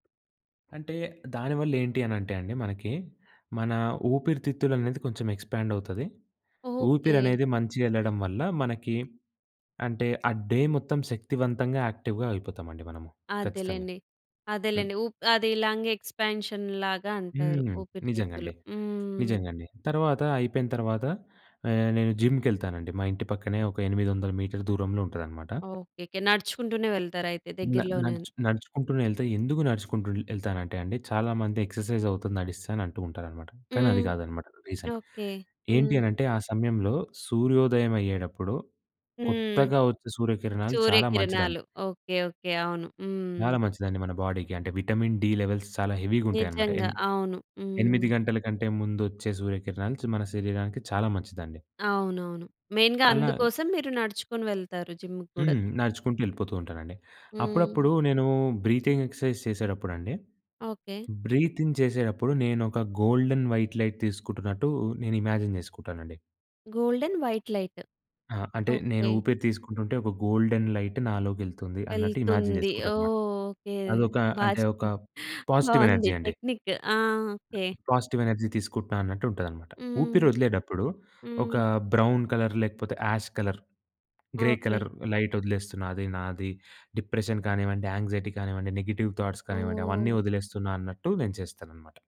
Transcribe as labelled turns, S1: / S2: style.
S1: అంటే, దాని వల్ల ఏంటి అనంటే అండి మనకి, మన ఊపిరితిత్తులు అనేది కొంచెం ఎక్స్‌పాండ్ అవుతది.
S2: ఓకే.
S1: ఊపిరనేది మంచిగెళ్ళడం వల్ల మనకి అంటే, ఆ డే మొత్తం శక్తివంతంగా, యాక్టివ్‌గా, అయిపోతామండి మనము. ఖచ్చితంగా.
S2: అదెలేండి.
S1: హ్మ్.
S2: అదేలెండి. ఊప్ అది లంగ్ ఎక్స్‌‌పాన్షన్‌ లాగా అంటారు.
S1: హ్మ్.
S2: ఊపిరితిత్తులు.
S1: నిజంగండి.
S2: హ్మ్.
S1: నిజంగండి. తర్వాత అయిపోయిన తర్వాత ఆహ్, నేను జిమ్‌కె‌ళ్తానండి, మా ఇంటి పక్కనే ఒక 800 మీటర్ దూరంలో ఉంటదనమాట.
S2: ఓకేకే. నడుచుకుంటూనే వెళ్తారయితే
S1: న
S2: దగ్గరలోనని.
S1: నడుచు నడుచుకుంటూనే వెళ్తే ఎందుకు నడుచుకుంటూ ఎళ్తానంటే, అండి చాలా మంది ఎక్సర్‌సైజ్ అవుతుంది నడిస్తే అని అంటూ ఉంటారన్నమాట. కానీ అది
S2: హ్మ్.
S1: కాదన్నమాట రీజన్.
S2: ఓకే.
S1: ఏంటి
S2: హ్మ్.
S1: అనంటే, ఆ సమయంలో సూర్యోదయం అయ్యేటప్పుడు
S2: హ్మ్.
S1: కొత్తగా వచ్చే సూర్యకిరణాలు చాలా మంచిదండి.
S2: సూర్యకిరణాలు. ఓకే. ఓకే. అవును.
S1: చాలా
S2: హ్మ్.
S1: మంచిదండి మన బాడీకి. అంటే విటమిన్ డి లెవెల్స్ చాలా హెవీగుంటయన్నమాట.
S2: నిజంగా.
S1: ఎన్
S2: అవును.
S1: ఎనిమిది
S2: హ్మ్.
S1: గంటల కంటే ముందొచ్చే సూర్యకిరణాలు చ మన శరీరానికి చాలా మంచిదండి.
S2: అవునవును. మెయిన్‌గా
S1: అలాగ
S2: అందుకోసం, మీరు నడుచుకొని వెళ్తారు జిమ్ముకి గూడా.
S1: హ్మ్. నడుచుకుంటూ వెళ్ళిపోతూ ఉంటానండి. అప్పుడప్పుడు
S2: హ్మ్.
S1: నేను బ్రీతింగ్ ఎక్సర్‌సైజ్ చేసేటప్పుడండి.
S2: ఓకే.
S1: బ్రీతిన్ చేసేటప్పుడు నేనొక గోల్డెన్ వైట్ లైట్ తీసుకుంటున్నట్టు నేను ఇమాజిన్ చేసుకుంటానండి.
S2: Golden white light.
S1: ఆ! అంటే నేను
S2: ఓకే.
S1: ఊపిరి తీసుకుంటుంటే, ఒక గోల్డెన్ లైట్ నాలోకి వెళ్తుంది అన్నట్టు ఇమాజిన్
S2: వెళ్తుంది.
S1: చేసుకుంటాననమాట.
S2: ఓహ్! ఓకే.
S1: అదొక
S2: బా
S1: అంటే ఒక
S2: చెప్పారు.
S1: పాజిటివ్
S2: బాగుంది
S1: ఎనర్జీ అండి.
S2: టెక్నిక్. ఆ! ఓకే.
S1: పాజిటివ్ ఎనర్జీ తీసుకుంటున్నా అన్నట్టు ఉంటదనమాట. ఊపిరి
S2: హ్మ్.
S1: ఒదిలేటప్పుడు ఒక
S2: హ్మ్.
S1: బ్రౌన్ కలర్, లేకపోతే ash colour, grey
S2: okay.
S1: Colour light వదిలేస్తున్న. అది నాది డిప్రెషన్ కానివ్వండి, యాంక్సైటీ కానివ్వండి, నెగెటివ్ థాట్స్ కానివ్వండి,
S2: ఓహ్!
S1: అవన్నీ వదిలేస్తున్నా అన్నట్టు నేను చేస్తానన్నమాట.